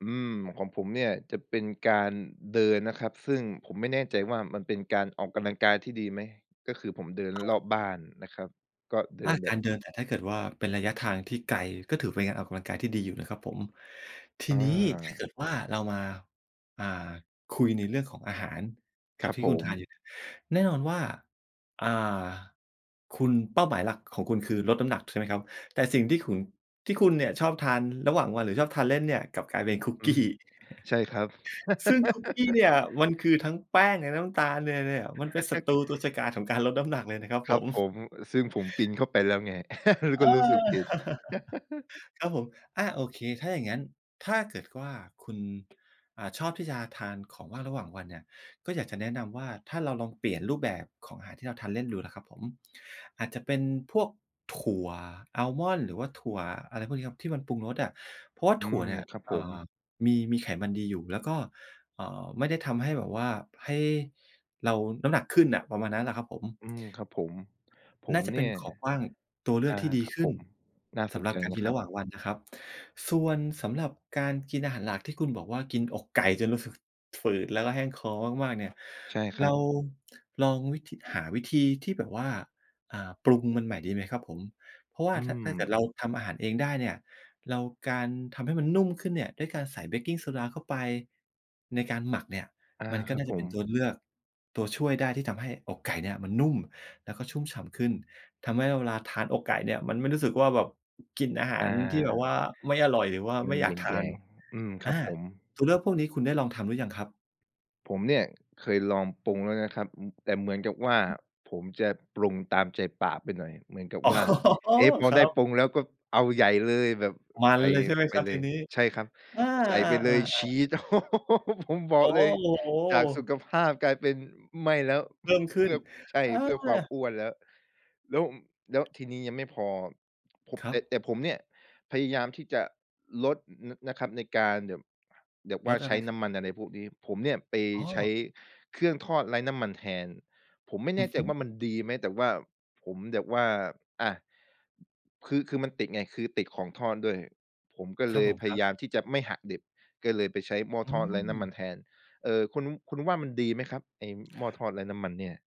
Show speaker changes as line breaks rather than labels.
อืม ของผมเนี่ยจะเป็นการเดินนะครับ ซึ่งผมไม่แน่ใจว่ามันเป็นการออกกำลังกายที่ดีไหม? ก็คือผมเดิน
อ
รอ
า
บบ้านนะครับ ก็เดิ
อา
นแ
ก
บ
าร
บ
เดินแต่ถ้าเกิดว่าเป็นระยะทางที่ไกลก็ถือเป็นการออกกำลังกายที่ดีอยู่นะครับผม ที
อ
นี้ถ้า
า
เกิดว่าเรามา อ่า คุยในเรื่องของอาหารกั
คร
บ
ับ
ที่
ผ
คุณทาน
ม
อยู่เนี่ย แน่นอนว่า อ่า คุณ เป้าหมายหลักของคุณคือลดน้ำหนักใช่ไหมครับ? แต่สิ่งที่ขุน ที่คุณเนี่ยชอบทานระหว่างวัน หรือชอบทานเล่นเนี่ยกลับกลายเป็นคุก
อื
กี้
ม ใช่ครับ
ซึ่งคุกกี้เนี่ยมันคือทั้งแป้งและน้ำตาลเนี่ย เนี่ย มันเป็นศัตรูตัวฉกาจของการลดน้ำหนักเลยนะครับ
ค
ผ
รับ
ม
ผม ซึ่งผมกินเข้าไปแล้วไง แล้
อ
ว
า
ก็รู้สึกผิด
ครับผม อา โอเค ถ้าอย่างงั้นถ้าเกิดว่าคุณ อ่า ชอบที่จะทานของว่างระหว่างวันเนี่ย ก็อยากจะแนะนำว่าถ้าเราลองเปลี่ยนรูปแบบของอาหารที่เราทานเล่นดูล่ะครับผม อาจจะเป็นพวกถั่วอาลมอนด์ หรือว่าถั่วอะไรพวกนี้ครับ ที่มันปรุงรสอะ เพราะว่า
อื
ถั่ว
ม
เนี่ย
ครับ
อ
ผ
่
ม
า มี มีไขมันดีอยู่แล้วก็ เอ่อ ไม่ได้ทำให้แบบว่าให้เราน้ำหนักขึ้นอะ ประมาณนั้นน่พะครับผม
อืม ครับผม ผ
น่
ม
าจะ
เ
เ
น
ป
ี
็
่
น
ย
ของว่างตัวเลื
อ
อ
า
กที่ดี
ครับ
ขึ
ผ
้น
ม น่า
ส
ส
ำ
น
หรั
ใ
บ
จ
การ
นะ
กิน
คร
ร
ั
ะ
บ
หว่างวันนะครับ ส่วนสำหรับการกินอาหารหลักที่คุณบอกว่ากินอกไก่จนรู้สึกฝืดแล้วก็แห้งคอมาก ๆ เนี่ย
ใช่ค
เ
ร
ร
ั
า
บ
ลองวิธี หาวิธีที่แบบว่า อ่า ปรุงมันใหม่ดีไหมครับผม? เพราะว่
อ
า
ื
ถ้า ถ้าเกิดเ
ม
ราทำอาหารเองได้เนี่ย เราการทำให้มันนุ่มขึ้นเนี่ย ด้วยการใส่เบกกิงโซดาเข้าไป ในการหมักเนี่ย
อา
มันก็
ครั
น่
บ
าจ
ผ
ะเป็
ม
นตัวเลือก ตัวช่วยได้ที่ทำให้อกไก่เนี่ยมันนุ่มแล้วก็ชุ่มฉ่ำขึ้น ทำให้เวลาทานอกไก่เนี่ยมันไม่รู้สึกว่าแบบกินอาห
อ
ารที่แบบว
า
่าไม่อร่อย หรือว่า
ม
ไม
ั
่
น
อย
แ
ากท
หย
าน
ง ๆ อืม ค
อ
รั
า
บผม
ตัวเลือกพวกนี้คุณได้ลองทำหรือยังครับ?
ผมเนี่ยเคยลองปรุงแล้วนะครับ อืม แต่เหมือนกับว่าผมจะปรุงตามใจปากไปหน่อย เหมือนกับ
อ๋อ
ว่า เอ๊ะ พอ
ครั
ได้
บ
ปรุงแล้วก็เอาใหญ่เลย แบบ
มัน
ใส่
เลยใช่ไหม
ไ
ค
ป
รับ
เล
ที
ย
นี้?
ใช่ครับ
อา
ใส่
อ
ไ
า
ปเล
อา
ย
อ
ช
า
ีส ผมบ
โ
อ
อ
ก
้โ
เลย จากสุ
ฮ!
ขภาพกลายเป็นไม่แล้ว
เพิ่มข
เ
ึ
พ
้
ื
น
่อ ใช่
เอ
เพื่อความ
อ
อ้วนแล้ว แล้ว แล้วทีนี้ยังไม่พอ ผม
ครั
แต่
บ
แต่ผมเนี่ยพยายามที่จะลด น นะครับ ในการแบบ แบบว
ล
่า
ดอ
ใ
ะ
ช
ไร
้
คร
น
ั
้
บ?
ำมัน อะไรพวกนี้ ผมเนี่ยไป
อ๋
ใช้
อ
เครื่องทอดไร้น้ำมันแทน ผมไม่
อ
แ
ื
น
อ
่ใ
ฮ
จ
ึ
ว่ามันดีไหม? แต่ว่าผมแบบว่า อะ คือ คือมันติดไง คือติดของทอดด้วย ผมก็
คร
เ
ั
ล
บผ
ย
ม
พ
คร
ย
ับ
ายามที่จะไม่หักดิบ ก็เลยไปใช้หม้อ
อื
ทอดไร้น้ำมั
ม
นแทน เอ่อ คุณ คุณว่ามันดีไหมครับ? ไอ้หม้อทอดไร้น้ำมันเนี่ย